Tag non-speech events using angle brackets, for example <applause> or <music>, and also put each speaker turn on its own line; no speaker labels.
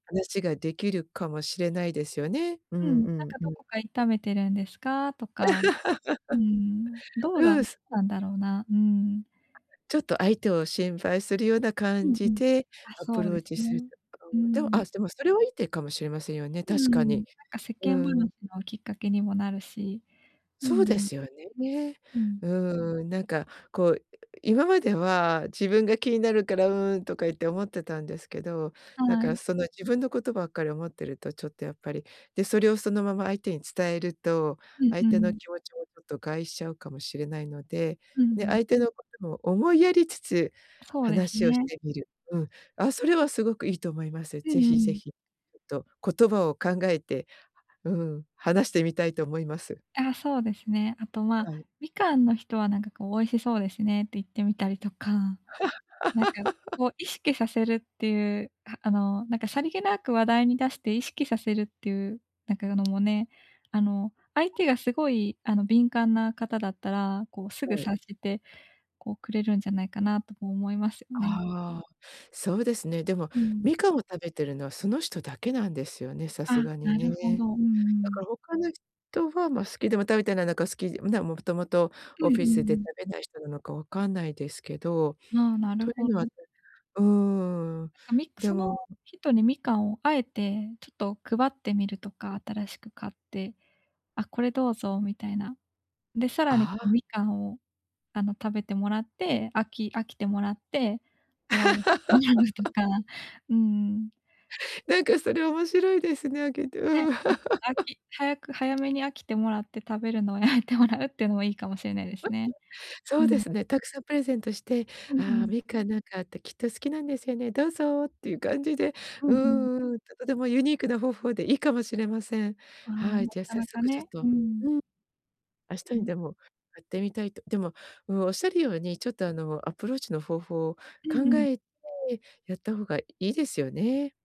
話が出来るかもしれないですよね。う
うん、
ん
なん
うん
か、
う
「ど
ん。
こか痛めてるんですか？」と
<laughs>
か、うーん、どうだっ
ううす
たんだろうな。うん。
ちょっと相手を心配するような
う
感
んう
じ
ん。
で、
あ、
アプ
そう
ロ
で
ー
す
チする
ね。
と
うー
<unintelligible> でも、
ん。
あすでも、それはいい手かもしれませんよね、
うー
確か
ん。なん
に。
か世
う
間話
ん。
のきっかけにもなるし。う
そうで
ん。
すよね。
うん。
うーん、なんか、こう、今までは自分が気になるから「うーん」とか言って思ってたんですけど、なん
は
か、
い。
その、自分のことばっかり思っていると、ちょっとやっぱり、で、それをそのまま相手に伝えると、
うん
相
う
手の
ん。
気持ちも、ちょっと害しちゃうかもしれないので、
う
ね、
ん。
相手のことも思いやりつつ
そうです
話をし
ね。
てみる。うん。あ、それはすごくいいと思います。
う
ぜ
んう
ひぜ
ん。
ひ、ちょっと言葉を考えて、うん、話してみたいと思います。
あ、そうですね。あと、まあ、
はい。
みかんの人は、なんかこう、「美味しそうですね」って言ってみたりとか、なんか、
<laughs>
こう、意識させるっていう、ああのなんか、さりげなく話題に出して意識させるっていう、なんかあの、もね、あの、相手がすごい、あの、敏感な方だったら、こう、すぐ
はい。
察して、こう、くれるんじゃないかな、とも思いますよね。
ああ、そうですね。でも、
うん。
みかんを食べてるのはその人だけなんですよね、さす
あ、
がに
なるほ
ね。
ど。うんう
だか
ん。
ら他の人は、まあ、好きでも食べてないのか、好きん、ね、もともと
う
オ
んうん
フ
う
ィスで食
ん。
べない人なのか分かんないですけど。
ああ、なる
という
ほ
のは
ど。
うーん。
なんか、みく
で
その
も
人に、みかんを、あえてちょっと配ってみるとか、新しく買って。「あ、これどうぞ」みたいな。で、さらに、こ
あ
う、
あ。
みかんを、あの、食べてもらって、飽き飽きてもらって、終わる <unintelligible> と
<laughs>
か、うーん。
なんか、それ面白いですね、あげてう
ね、
ーん。
うん、飽
<laughs>
き早く早めに飽きてもらって、食べるのをやめてもらうっていうのも、いいかもしれないです
<laughs>
ね。
そ
う
うで
ん。
すね。たくさんプレゼントして、
うんう
「ああ、
ん。
みかん、なんかあって、きっと好きなんですよね。どうぞ」っていう感じで、
うんう
う
ん。
ーん、ちょっとでもユニークな方法でいいかもしれません。
ああ、
はい。
な
じゃあ
か
早
なか
速ちょっ
ね。う
と
ー
う
ん。
ん。明日
う
に
ん。
でも、やってみたいとでも、うん。仰る様に、ちょっとあの、アプローチの方法を
うんう
考
ん。
えてやった方がいいですよね。